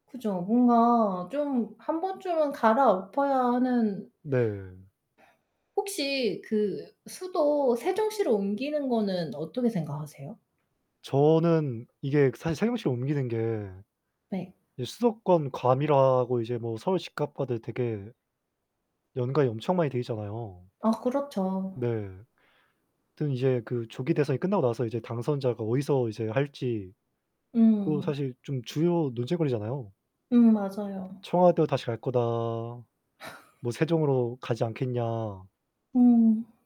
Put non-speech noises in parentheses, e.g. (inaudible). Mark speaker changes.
Speaker 1: 그죠. 뭔가 좀 1 번쯤은 갈아엎어야 하는
Speaker 2: 네.
Speaker 1: 혹시 그 수도 세종시로 옮기는 거는 어떻게 생각하세요?
Speaker 2: 저는 이게 사실 세종시로 옮기는 게
Speaker 1: 네.
Speaker 2: 이제 수도권 과밀화하고 이제 뭐 서울 집값과도 되게 연관이 엄청 많이 돼 있잖아요.
Speaker 1: 아 그렇죠.
Speaker 2: 네. 하여튼 이제 그 조기 대선이 끝나고 나서 이제 당선자가 어디서 이제 할지 또
Speaker 1: 음.
Speaker 2: 사실 좀 주요 논쟁거리잖아요.
Speaker 1: 음 맞아요.
Speaker 2: '청와대로 다시 갈 거다.' 뭐
Speaker 1: (laughs)
Speaker 2: '세종으로 가지 않겠냐.'
Speaker 1: 음.